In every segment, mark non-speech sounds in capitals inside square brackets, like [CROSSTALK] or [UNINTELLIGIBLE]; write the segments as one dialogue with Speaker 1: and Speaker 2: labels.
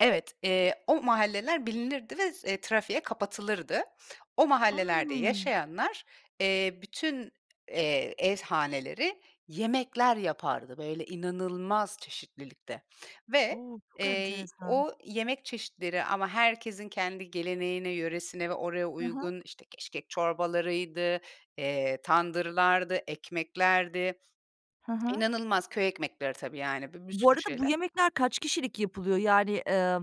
Speaker 1: Evet, eee, o mahalleler bilinirdi ve z eee, trafiğe kapatılırdı. O mahallelerde
Speaker 2: A!
Speaker 1: yaşayanlar, eee, bütün, eee, ev haneleri yemekler yapardı, böyle, inanılmaz çeşitlilikte ve,
Speaker 2: O!
Speaker 1: eee,
Speaker 2: Çok
Speaker 1: y
Speaker 2: enteresan.
Speaker 1: o yemek çeşitleri ama herkesin kendi geleneğine, yöresine ve oraya
Speaker 2: Hı hı.
Speaker 1: uygun, işte, keşkek çorbalarıydı, eee, tandırlardı, ekmeklerdi.
Speaker 2: Hı
Speaker 1: [TSK]
Speaker 2: hı.
Speaker 1: İnanılmaz köy ekmekleri, tabii, yani, bi bir
Speaker 2: Bu
Speaker 1: sürü
Speaker 2: arada, bu
Speaker 1: şeyler
Speaker 2: yemekler kaç kişilik yapılıyor? Yani, eee, m m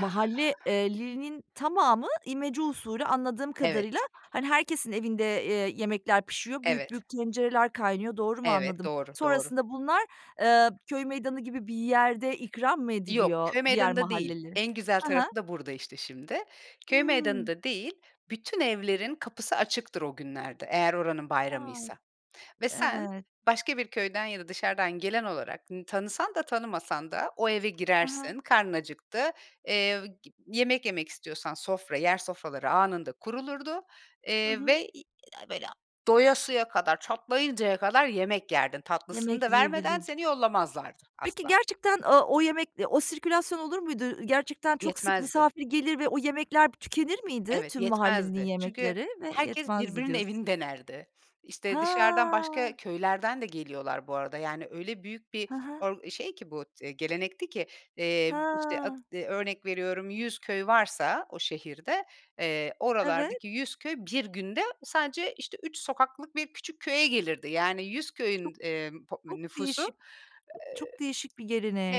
Speaker 2: mahalle eee, linin tamamı, imece usulü anladığım
Speaker 1: Evet.
Speaker 2: kadarıyla. Hani, herkesin evinde, eee, yemekler pişiyor, büyük
Speaker 1: Evet.
Speaker 2: büyük tencereler kaynıyor doğru mu
Speaker 1: Evet,
Speaker 2: anladım?
Speaker 1: doğru, doğru.
Speaker 2: Sonrasında bunlar, eee, köy meydanı gibi bir yerde ikram mı
Speaker 1: Yok,
Speaker 2: ediliyor,
Speaker 1: köy
Speaker 2: diğer
Speaker 1: meydanında değil.
Speaker 2: mahalleli?
Speaker 1: En güzel
Speaker 2: Hı hı.
Speaker 1: tarafı da burada, işte, şimdi. Köy
Speaker 2: Hıı.
Speaker 1: meydanında değil. Bütün evlerin kapısı açıktır o günlerde; eğer oranın
Speaker 2: A!
Speaker 1: bayramıysa ve sen,
Speaker 2: Evet.
Speaker 1: başka bir köyden ya da dışarıdan gelen olarak, n tanısan da tanımasan da, o eve
Speaker 2: He he.
Speaker 1: girersin. Karnın acıktı, eee, gi yemek yemek istiyorsan; sofra, yer sofraları anında kurulurdu,
Speaker 2: Hı
Speaker 1: eee,
Speaker 2: hı.
Speaker 1: ve [UNINTELLIGIBLE] doyasıya kadar, çatlayıncaya kadar yemek yerdin. Tatlısını
Speaker 2: Yemek
Speaker 1: da vermeden,
Speaker 2: yiyebilir
Speaker 1: seni yollamazlardı
Speaker 2: Peki,
Speaker 1: asla.
Speaker 2: gerçekten, o o yemek, o sirkülasyon olur muydu? Ü gerçekten çok sık
Speaker 1: Yetmezdi.
Speaker 2: misafir gelir ve o yemekler pı tükenir miydi
Speaker 1: Evet,
Speaker 2: tüm mahallelinin
Speaker 1: yetmezdi. Çünkü
Speaker 2: yemekleri? "Ve
Speaker 1: herkes
Speaker 2: yetmezdi."
Speaker 1: birbirinin
Speaker 2: diyorsun.
Speaker 1: evini denerdi. İşte, dışarıdan başka
Speaker 2: Ha.
Speaker 1: köylerden de geliyorlar bu arada. Yani, öyle büyük bir
Speaker 2: Ha ha.
Speaker 1: or şey ki bu, t gelenekti ki. Eee, b işte, ad
Speaker 2: Ha.
Speaker 1: örnek veriyorum, 100 köy varsa o şehirde, eee,
Speaker 2: Evet.
Speaker 1: oralardaki 100 köy 1 günde sadece, işte, 3 sokaklık 1 küçük köye gelirdi. Yani, 100 köyün,
Speaker 2: Çok
Speaker 1: d eee, pop
Speaker 2: çok
Speaker 1: nüfusu eee
Speaker 2: değişik. B çok değişik bir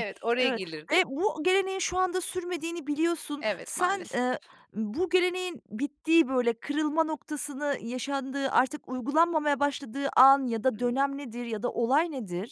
Speaker 1: Evet, oraya
Speaker 2: Evet.
Speaker 1: gelirdi.
Speaker 2: Ve bu geleneğin şu anda sürmediğini biliyorsun.
Speaker 1: Evet,
Speaker 2: Sen,
Speaker 1: maalesef.
Speaker 2: eee, bu geleneğin bittiği, böyle, kırılma noktasını yaşandığı, artık uygulanmamaya başladığı an ya da
Speaker 1: Hıı.
Speaker 2: dönem nedir ya da olay nedir?